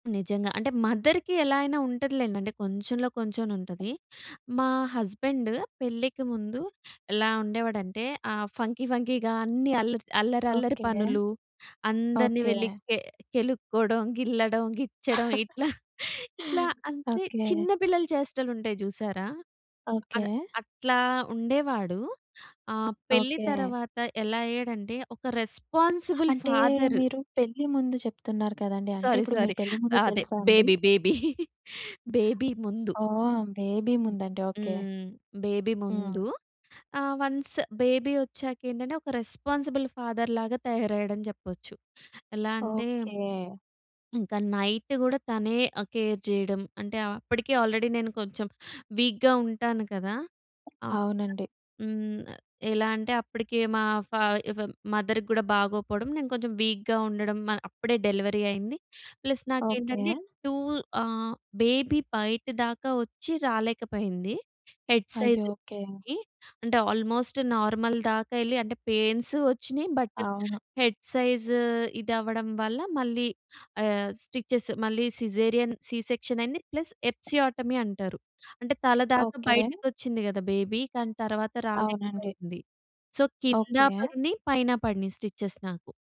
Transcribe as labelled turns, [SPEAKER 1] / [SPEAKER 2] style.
[SPEAKER 1] నిజంగా. అంటే మదర్‌కి ఎలా అయినా ఉంటదిలెండి. అంటే కొంచెంలో కొంచెమైన ఉంటది. మా హస్బెండ్ పెళ్ళికి ముందు ఎలా ఉండేవాడంటే, ఆహ్, ఫంకీ ఫంకీగా అన్ని అల్లర్ అల్లరల్లరి
[SPEAKER 2] ఓకె.
[SPEAKER 1] పనులు, అందరిని
[SPEAKER 2] ఓకె.
[SPEAKER 1] వెళ్ళి కె కెలుక్కోవడం, గిల్లడం, గిచ్చడం ఇట్లా. ఇట్లా అంతె
[SPEAKER 2] ఓకె.
[SPEAKER 1] చిన్న పిల్లల చేష్టలుంటాయి చూసారా, అద్
[SPEAKER 2] ఓకె.
[SPEAKER 1] అట్లా ఉండేవాడు. ఆహ్, పెళ్లి
[SPEAKER 2] ఓకె.
[SPEAKER 1] తర్వాత ఎలా అయ్యాడంటే, ఒక రెస్పాన్సిబుల్
[SPEAKER 2] అంటే
[SPEAKER 1] ఫాదర్.
[SPEAKER 2] మీరు పెళ్లి ముందు చెప్తున్నారు కదండీ, అంటే
[SPEAKER 1] సారీ,
[SPEAKER 2] ఇప్పుడు
[SPEAKER 1] సారీ.
[SPEAKER 2] మీరు పెళ్లి ముందు
[SPEAKER 1] అదే
[SPEAKER 2] తెలుసా అండి?
[SPEAKER 1] Baby baby. బేబీ ముందు.
[SPEAKER 2] ఓహ్! బేబీ ముందండి, ఓకె.
[SPEAKER 1] హ్మ్. బేబీ
[SPEAKER 2] హ్మ్.
[SPEAKER 1] ముందు. ఆహ్, వన్స్ బేబీ ఒచ్చాక ఏంటంటే ఒక రెస్పాన్సిబుల్ ఫాదర్‌ లాగా తయారయ్యాడని చెప్పొచ్చు. ఎలా అంటే
[SPEAKER 2] ఓకె.
[SPEAKER 1] ఇంకా నైట్ కూడా తనే కేర్ చేయడం. అంటే అప్పటికే ఆల్రెడీ నేను కొంచెం వీక్‌గా ఉంటాను కదా! ఆహ్,
[SPEAKER 2] అవునండి.
[SPEAKER 1] హ్మ్, ఎలా అంటే అప్పటికి మా ఫా మదర్‌కి కూడా బాగోపోవడం. నేను కొంచెం వీక్‌గా ఉండడం అప్పుడే డెలివరీ అయింది. Plus
[SPEAKER 2] okay.
[SPEAKER 1] నాకేంటంటే 2 ఆహ్, బేబీ బయట దాకా వచ్చి రాలేకపోయింది. హెడ్
[SPEAKER 2] అయ్యో!
[SPEAKER 1] సైజ్‌కి
[SPEAKER 2] ఓకె.
[SPEAKER 1] అంటే ఆల్మోస్ట్ నార్మల్ దాకా ఎళ్లి అంటే పెయిన్స్ వచ్చినాయి. బట్
[SPEAKER 2] అవును.
[SPEAKER 1] హెడ్ సైజ్ ఇధవ్వడం వల్ల మళ్ళీ ఆహ్, స్టిచెస్ మళ్ళీ సిజేరియన్ సి సెక్షన్ అయింది. ప్లస్ ఎపిసియోటమీ అంటారు. అంటే తల దాకా
[SPEAKER 2] ఓకె.
[SPEAKER 1] బయటకొచ్చింది కద బేబీ. కాని తర్వాత
[SPEAKER 2] అవునండి.
[SPEAKER 1] రాలేకపోయింది. సో కింద
[SPEAKER 2] ఓకె.
[SPEAKER 1] పడినాయి, పైన పడినాయి స్టిచెస్ నాకు.